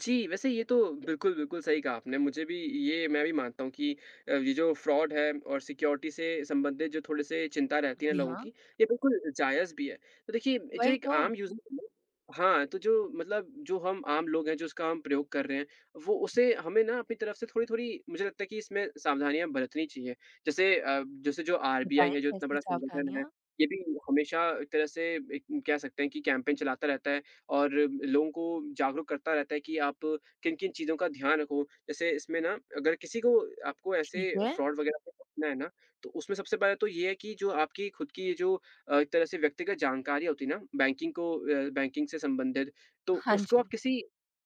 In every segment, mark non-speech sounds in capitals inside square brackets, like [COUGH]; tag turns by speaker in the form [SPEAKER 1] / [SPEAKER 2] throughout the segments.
[SPEAKER 1] जी, वैसे ये तो बिल्कुल, बिल्कुल सही कहा आपने, मुझे भी ये मैं भी मानता हूँ कि अब ये जो फ्रॉड है और सिक्योरिटी से संबंधित जो थोड़े-से चिंता रहती है
[SPEAKER 2] जी
[SPEAKER 1] लोगों
[SPEAKER 2] हाँ।
[SPEAKER 1] की, ये बिल्कुल जायज़ भी है। तो देखिए, जो
[SPEAKER 2] वही
[SPEAKER 1] एक
[SPEAKER 2] तो।
[SPEAKER 1] आम यूजर [UNINTELLIGIBLE] हाँ, तो जो मतलब जो हम आम लोग हैं, जो इसका हम प्रयोग कर रहे हैं, वो उसे हमें ना अपनी तरफ से थोड़ी-थोड़ी मुझे लगता है कि इसमें सावधानियाँ बरतनी चाहिए। जैसे अ, जैसे जो
[SPEAKER 2] बताएँ,
[SPEAKER 1] आरबीआई है, जो इतना
[SPEAKER 2] कैसी
[SPEAKER 1] बड़ा संगठन है,
[SPEAKER 2] सावधानियाँ?
[SPEAKER 1] ये भी हमेशा तरह से एक कह सकते है कि कैंपेन चलाता रहता है और लोगों को जागरूक करता रहता है कि आप किन-किन चीज़ों का ध्यान रखो। जैसे इसमें ना अगर किसी को आपको ऐसे
[SPEAKER 2] ठीक है।
[SPEAKER 1] फ्रॉड वगैरह से बचना है ना, तो उसमें सबसे पहले तो ये है कि जो आपकी खुद की ये जो अ, एक तरह से व्यक्तिगत जानकारी होती है ना बैंकिंग को अ, बैंकिंग से संबंधित, तो
[SPEAKER 2] हाँ
[SPEAKER 1] उसको
[SPEAKER 2] जी।
[SPEAKER 1] आप किसी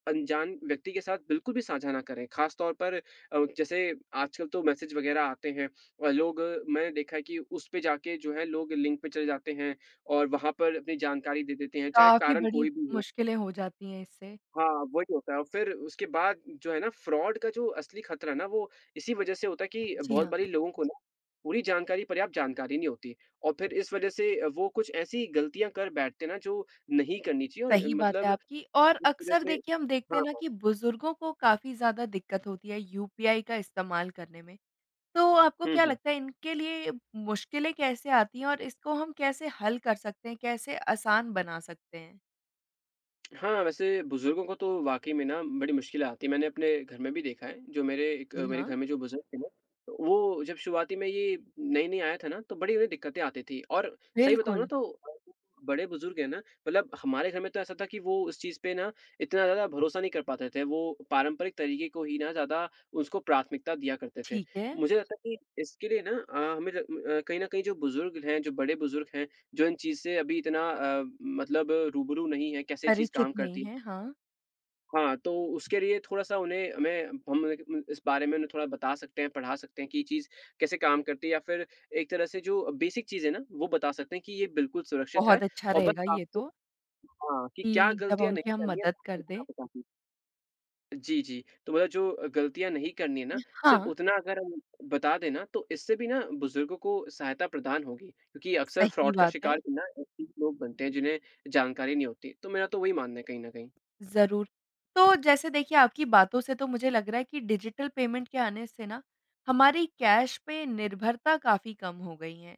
[SPEAKER 1] अनजान व्यक्ति के साथ बिल्कुल भी साझा ना करें। खासतौर पर अ, जैसे आजकल तो मैसेज वगैरह आते हैं, अ, लोग मैंने देखा है कि उस पे जाके जो है लोग लिंक पे चले जाते हैं और वहाँ पर अपनी जानकारी दे देते हैं, चाहे
[SPEAKER 2] काफ़ी
[SPEAKER 1] कारण
[SPEAKER 2] बड़ी
[SPEAKER 1] कोई भी हो।
[SPEAKER 2] मुश्किलें हो जाती हैं इससे।
[SPEAKER 1] हाँ, वही होता है और फिर उसके बाद जो है ना फ्रॉड का जो असली खतरा ना वो इसी वजह से होता है कि
[SPEAKER 2] जी
[SPEAKER 1] बहुत
[SPEAKER 2] हाँ।
[SPEAKER 1] बारी लोगों को ना पूरी जानकारी पर्याप्त जानकारी नहीं होती और फिर इस वजह से वो कुछ ऐसी गलतियाँ कर बैठते हैं ना, जो नहीं करनी चाहिए और
[SPEAKER 2] सही बात है
[SPEAKER 1] मतलब
[SPEAKER 2] आपकी और
[SPEAKER 1] इस वजह
[SPEAKER 2] अक्सर
[SPEAKER 1] से
[SPEAKER 2] देखिए हम देखते हैं
[SPEAKER 1] हाँ,
[SPEAKER 2] ना
[SPEAKER 1] हाँ।
[SPEAKER 2] कि बुजुर्गों को काफ़ी ज़्यादा दिक्कत होती है यूपीआई का इस्तेमाल करने में। तो आपको
[SPEAKER 1] हुँ,
[SPEAKER 2] क्या
[SPEAKER 1] हुँ।
[SPEAKER 2] लगता है इनके लिए मुश्किलें कैसे आती हैं और इसको हम कैसे हल कर सकते हैं? कैसे आसान बना सकते हैं?
[SPEAKER 1] हाँ, वैसे बुजुर्गों को तो वाक़ई में ना बड़ी मुश्किलें आती हैं। मैंने अपने घर में भी देखा है, जो मेरे एक
[SPEAKER 2] जी
[SPEAKER 1] मेरे
[SPEAKER 2] हाँ।
[SPEAKER 1] घर में जो बुजुर्ग हैं ना, वो जब शुरुआती में ये नई-नई आया था ना तो बड़ी-बड़ी दिक्कतें आती थी और सही बताऊँ ना
[SPEAKER 2] बिल्कुल।
[SPEAKER 1] तो बड़े बुजुर्ग हैं ना मतलब हमारे घर में तो ऐसा था कि वो उस चीज़ पे ना इतना ज़्यादा भरोसा नहीं कर पाते थे, वो पारंपरिक तरीके को ही ना ज़्यादा उसको प्राथमिकता दिया करते थे।
[SPEAKER 2] ठीक है।
[SPEAKER 1] मुझे लगता है कि इसके लिए ना अ, हमें र कहीं न कहीं जो बुजुर्ग हैं, जो बड़े बुजुर्ग हैं, जो इन चीज़ से अभी इतना अ, मतलब रूबरू नहीं हैं कैसे ये चीज़
[SPEAKER 2] परिचित
[SPEAKER 1] काम
[SPEAKER 2] नहीं
[SPEAKER 1] करती है
[SPEAKER 2] हैं, हाँ।
[SPEAKER 1] हाँ, तो उसके लिए थोड़ा-सा उन्हें हमें हम देंखे उन इस बारे में उन्हें थोड़ा बता सकते हैं, पढ़ा सकते हैं कि ये चीज़ कैसे काम करती है या फिर एक तरह से जो बेसिक चीज़ है ना वो बता सकते हैं कि ये बिल्कुल सुरक्षित है
[SPEAKER 2] बहुत अच्छा
[SPEAKER 1] और बस
[SPEAKER 2] रहेगा ये
[SPEAKER 1] आपको
[SPEAKER 2] तो।
[SPEAKER 1] हाँ कि क्या
[SPEAKER 2] कि जब
[SPEAKER 1] गलतियाँ
[SPEAKER 2] उनकी
[SPEAKER 1] नहीं
[SPEAKER 2] हम
[SPEAKER 1] करनी हैं
[SPEAKER 2] मदद कर
[SPEAKER 1] इतना
[SPEAKER 2] दें।
[SPEAKER 1] बता दें। जी, जी। तो मतलब जो गलतियाँ नहीं करनी हैं ना, सिर्फ
[SPEAKER 2] हाँ।
[SPEAKER 1] उतना अगर हम बता दें ना, तो इससे भी ना बुजुर्गों को सहायता प्रदान होगी, क्योंकि अक्सर
[SPEAKER 2] सही
[SPEAKER 1] फ्रॉड का
[SPEAKER 2] बात है।
[SPEAKER 1] शिकार भी ना ऐसे ही लोग बनते हैं जिन्हें जानकारी नहीं होती। तो मेरा तो वही मानना है कहीं न कहीं।
[SPEAKER 2] ज़रूर। तो जैसे देखिए आपकी बातों से तो मुझे लग रहा है कि डिजिटल पेमेंट के आने से ना हमारी कैश पे निर्भरता काफ़ी कम हो गई है।